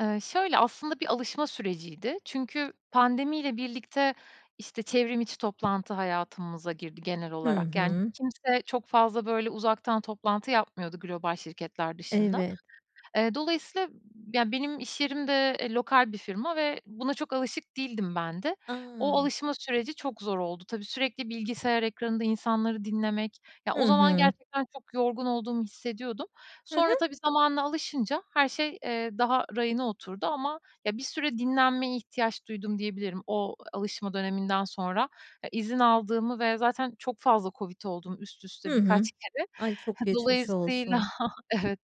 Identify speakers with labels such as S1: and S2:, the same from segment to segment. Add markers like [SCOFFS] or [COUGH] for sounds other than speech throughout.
S1: Eee, şöyle, aslında bir alışma süreciydi. Çünkü pandemiyle birlikte, işte, çevrimiçi toplantı hayatımıza girdi genel
S2: Hı
S1: olarak. Yani
S2: hı.
S1: kimse çok fazla böyle uzaktan toplantı yapmıyordu global şirketler dışında.
S2: Evet.
S1: Eee, dolayısıyla, ya, benim iş yerim de, eee, lokal bir firma ve buna çok alışık değildim ben de. O
S2: A!
S1: alışma süreci çok zor oldu. Tabii, sürekli bilgisayar ekranında insanları dinlemek ya,
S2: Hı
S1: o zaman
S2: hı.
S1: gerçekten çok yorgun olduğumu hissediyordum.
S2: Hı
S1: Sonra
S2: hı.
S1: tabii, zamanla alışınca her şey, eee, daha rayına oturdu ama, ya, bir süre dinlenmeye ihtiyaç duydum diyebilirim o alışma döneminden sonra. E, izin aldığımı ve zaten çok fazla COVID oldum üst
S2: Hı
S1: üste
S2: hı.
S1: birkaç kere.
S2: Ay, çok geçmiş
S1: Dolayısıyla
S2: olsun.
S1: [CHUCKLES] Evet,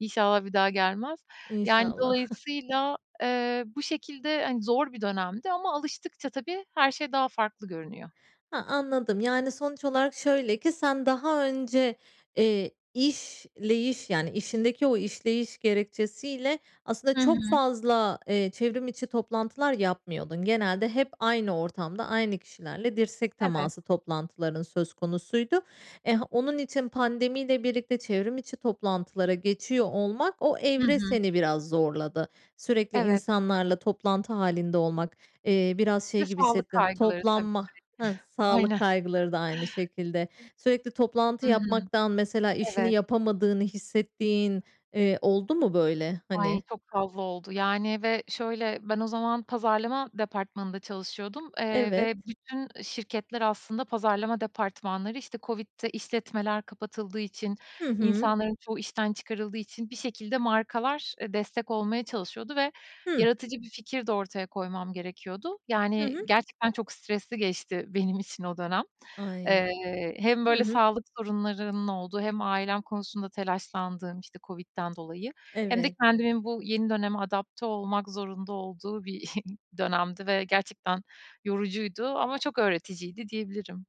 S1: inşallah bir daha gelmez. Yani
S2: İnşallah. [CHUCKLES]
S1: dolayısıyla, eee, bu şekilde, hani, zor bir dönemdi ama alıştıkça tabii, her şey daha farklı görünüyor.
S2: Ha, anladım. Yani sonuç olarak şöyle ki sen daha önce, eee, işleyiş yani işindeki o işleyiş gerekçesiyle aslında
S1: Hı
S2: çok
S1: hı.
S2: fazla, eee, çevrimiçi toplantılar yapmıyordun. Genelde hep aynı ortamda aynı kişilerle dirsek
S1: Evet.
S2: teması toplantıların söz konusuydu. Eh, onun için pandemiyle birlikte çevrimiçi toplantılara geçiyor olmak, o
S1: Hı
S2: evre
S1: hı.
S2: seni biraz zorladı. Sürekli
S1: Evet.
S2: insanlarla toplantı hâlinde olmak, eee, biraz
S1: Bir
S2: şey
S1: de
S2: gibi
S1: sağlık
S2: hissettin,
S1: kaygıları tabii,
S2: toplanma
S1: sürekli.
S2: Hıh, sağlık
S1: [CHUCKLES] Aynen.
S2: kaygıları da aynı şekilde. Sürekli toplantı
S1: Hı hı.
S2: yapmaktan mesela işini
S1: Evet.
S2: yapamadığını hissettiğin, eee, oldu mu böyle,
S1: Ay,
S2: hani?
S1: çok fazla oldu yani ve şöyle, ben o zaman pazarlama departmanında çalışıyordum, eee,
S2: Evet.
S1: ve bütün şirketler aslında pazarlama departmanları, işte, COVID'de işletmeler kapatıldığı için,
S2: Hı hı.
S1: insanların çoğu işten çıkarıldığı için bir şekilde markalar, eee, destek olmaya çalışıyordu ve
S2: Hı.
S1: yaratıcı bir fikir de ortaya koymam gerekiyordu.
S2: Hı
S1: Yani
S2: hı.
S1: gerçekten çok stresli geçti benim için o dönem.
S2: Ay!
S1: Eee, hem
S2: Hı
S1: böyle
S2: hı.
S1: sağlık sorunlarının olduğu hem ailem konusunda telaşlandığım, -işte, COVID'den dolayı hem de
S2: Evet.
S1: kendimin bu yeni döneme adapte olmak zorunda olduğu bir [SCOFFS] dönemdi ve gerçekten yorucuydu ama çok öğreticiydi diyebilirim.